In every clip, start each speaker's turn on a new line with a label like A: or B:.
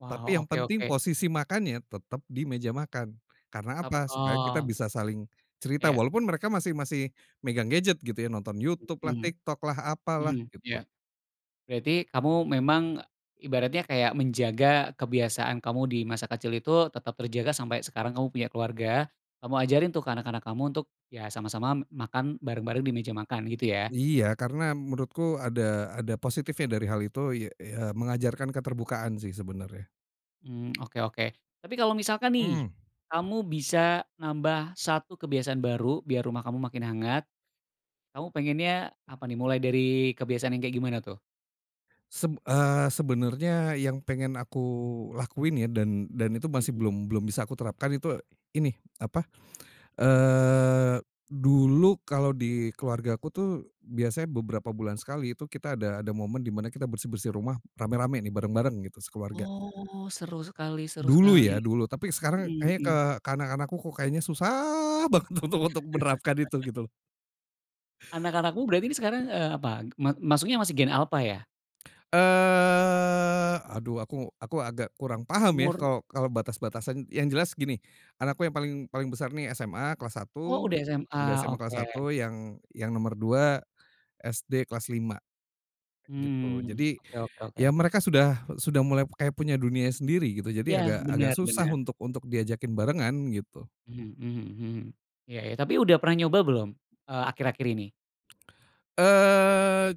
A: Waw
B: Tapi yang
A: oke
B: penting
A: oke.
B: posisi makannya tetap di meja makan, karena
A: Ep
B: apa? Supaya kita
A: oh.
B: bisa saling, cerita
A: Iya.
B: walaupun mereka masih masih megang gadget gitu ya, nonton YouTube lah,
A: Mhm,
B: TikTok lah, apalah
A: mhm,
B: gitu.
A: iya. Berarti kamu memang, ibaratnya kayak menjaga kebiasaan kamu di masa kecil itu tetap terjaga sampai sekarang kamu punya keluarga. Kamu ajarin tuh ke anak-anak kamu untuk, iya sama-sama makan bareng-bareng di meja makan gitu ya?
B: Iya karena menurutku ada ada positifnya dari hal itu iy eee, ya mengajarkan keterbukaan sih sebenarnya.
A: Mmm, oke oke. Tapi kalau misalkan nih,
B: Mmm.
A: kamu bisa nambah 1 kebiasaan baru biar rumah kamu makin hangat, kamu pengennya apa nih, mulai dari kebiasaan yang kayak gimana tuh?
B: Seb eee, sebenarnya yang pengen aku lakuin ya dan dan itu masih
A: Mhm.
B: belum belum bisa aku terapkan itu ini, apa eee, dulu kalau di keluargaku tuh biasanya beberapa bulan sekali itu kita ada ada momen dimana kita bersih-bersih rumah rame-rame nih bareng-bareng gitu sekeluarga.
A: Oh seru sekali seru
B: Dulu
A: sekali,
B: ya dulu tapi sekarang
A: mhm
B: kayaknya
A: mhm.
B: ke ke anak-anak ku kok kayaknya susah banget untuk untuk menerapkan itu, gitu.
A: Anak-anakmu berarti nih sekarang, eee, apa? Ma masuknya masih gen Alpha ya?
B: Eee, aduh aku aku agak kurang paham ya
A: Umur
B: kalau kalau batas-batasan yang jelas gini, anakku yang paling paling besar nih SMA kelas
A: Oh
B: 1,
A: udah SMA
B: udah SMA kelas
A: oke.
B: 1 yang yang nomor 2, SD kelas 5, gitu
A: Mmm,
B: jadi,
A: oke oke
B: ya
A: oke.
B: mereka sudah sudah mulai kayak punya dunianya sendiri gitu
A: Iya
B: jadi agak agak
A: bener
B: susah
A: bener.
B: untuk untuk diajakin barengan gitu.
A: Mhm mhm mhm, iya iya tapi udah pernah nyoba belum, eee, akhir-akhir ini?
B: Eee,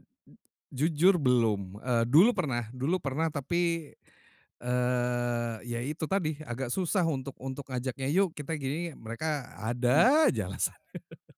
B: jujur belum, eee, dulu pernah dulu pernah tapi, eee, iya itu tadi agak susah untuk untuk ngajaknya yuk kita gini, mereka
A: Mhm.
B: ada aja alasan.